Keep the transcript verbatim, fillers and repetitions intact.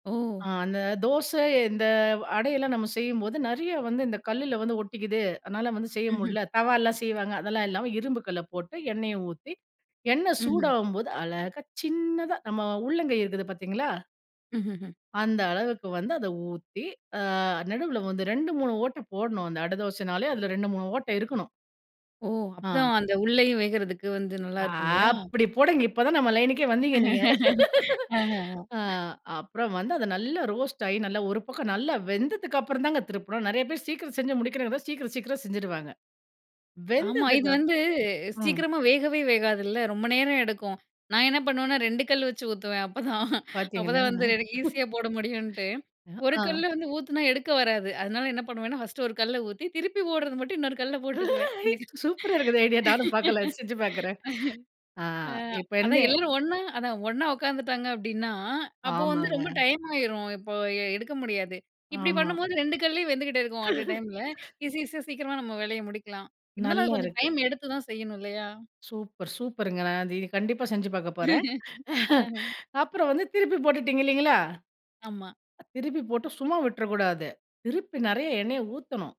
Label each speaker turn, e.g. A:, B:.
A: ஆ,
B: ஓ!
A: அந்த தோச இந்த அடையெல்லாம் நாம செய்யும்போது நெறைய வந்து இந்த கல்லுல வந்து ஒட்டிக்கிது. அதனால, வந்து செய்ய
B: ம்ஹ்ம்.
A: முடில. தவா எல்லாம் செய்வாங்க. அதெல்லாம் இல்லாம, இரும்பு கல்ல போட்டு எண்ணெய ஊத்தி எண்ணெய்
B: ம்ஹ்ம்.
A: சூடாகும்போது, அழகா சின்னதா நம்ம உள்ளங்கை இருக்குது பார்த்தீங்களா?
B: ம்ஹ்ம்.
A: அந்த அளவுக்கு வந்து அத ஊத்தி ஆ நடுவுல வந்து ரெண்டு, மூணு ஓட்ட போடணும். அந்த அட தோசனாலே அதில ரெண்டு, மூணு ஓட்ட இருக்கணும்.
B: ஓ! அப்பதா
A: ஆ.
B: அந்த உள்ளையும் வேகறதுக்கு வந்து நல்லா
A: ஆ
B: இருக்கும் இல்லையா?
A: அப்படி போடுங்க. இப்ப தான் நம்ம லைன்னுக்கே வந்தீங்க நீங்க.
B: ஆ.
A: ஆ அப்புறம் வந்து அத நல்லா ரோஸ்ட்டாகி ஒரு பக்கம் நல்லா வெந்ததுக்கப்புறம் தாங்க திருப்பணும். நெறைய பேர் சீக்கிரம் செஞ்சு முடிக்கணு சீக்கிரம், சீக்கிரம் செஞ்சுருவாங்க.
B: ஆமா, இது
A: வெந்ததுக்கப்பற
B: வந்து
A: ம்.
B: சீக்கிரமா வேகவே வேகாதுல்ல, ரொம்ப நேரம் எடுக்கும். நான் என்ன பண்ணுவேன்னா, ரெண்டு கல் வச்சு ஊத்துவேன். அப்பதான்
A: பார்த்தீங்களா.
B: அப்பதான் வந்து ஈஸியா போட முடியும்ன்ட்டு,
A: அ.
B: ஒரு
A: ஆ.
B: கல்ல வந்து ஊத்தினா எடுக்க வராது. அதனால என்ன பண்ணுவேன்னா, ஃபர்ஸ்ட்டு ஒரு கல்ல ஊத்தி திருப்பி போடுறது மட்டும் இன்னொரு கல்ல போட்டுக்குவேன். இன்,
A: ஐ, சூப்பரா இருக்குதே ஐடியா. நானும் பார்க்கல, செஞ்சு பார்க்குறேன். ஆ
B: ஆ,
A: இப்ப வந்து
B: அதான் எல்லோரும் ஒன்னா, அதான் ஒன்னா உட்காந்துட்டாங்க அப்படின்னா, அப்போ வந்து ரொம்ப
A: ஆமாங்க.
B: டைம் ஆயிரும். இப்போ எடுக்க முடியாது. இப்படி
A: ஆமா.
B: பண்ணும்போது ரெண்டு கல்லயும் வெந்துகிட்டே இருக்கும். அட் அ டைம்ல ஈஸி ஈஸியா சீக்கிரமா நம்ம வேலைய முடிக்கலாம். இருந்தாலும்
A: நல்லா
B: அது கொஞ்சம்
A: இருக்கு.
B: டைம் எடுத்து தான் செய்யணும். இல்லையா?
A: சூப்பர், சூப்பருங்க. நான் கண்டிப்பா செஞ்சு பார்க்க போறேன்.
B: ஆ.
A: அப்புறம் வந்து திருப்பி போட்டுட்டீங்க இல்லைங்களா?
B: ஆமா.
A: திருப்பி போட்டு சும்மா விட்றக்கூடாது. திருப்பி நெறைய எண்ணெய ஊத்தணும்.